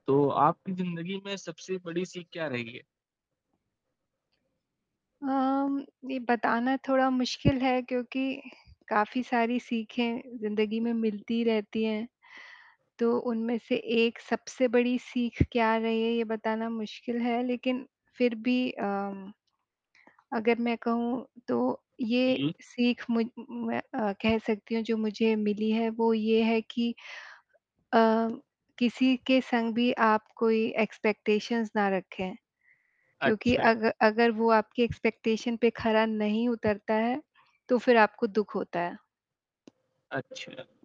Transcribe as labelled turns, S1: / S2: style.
S1: तो, आपकी ज़िंदगी में सबसे बड़ी सीख क्या रही है?
S2: अम, ये बताना थोड़ा मुश्किल है क्योंकि, काफ़ी सारी सीखें ज़िंदगी में मिलती रहती हैं, तो उनमें से 1 सबसे बड़ी सीख क्या रही है, ये बताना मुश्किल है लेकिन फिर भी अम, अगर मैं कहूँ, तो ये
S1: जी।
S2: सीख मु मैं अ, कह सकती हूँ जो मुझे मिली है, वो ये है कि अ, किसी के संग भी आप कोई एक्सपेक्टेशंस ना रखें। क्योंकि
S1: अच्छा।
S2: अग अगर वो आपकी एक्सपेक्टेशन पे खरा नहीं उतरता है, तो फिर आपको दुःख होता है।
S1: अच्छा।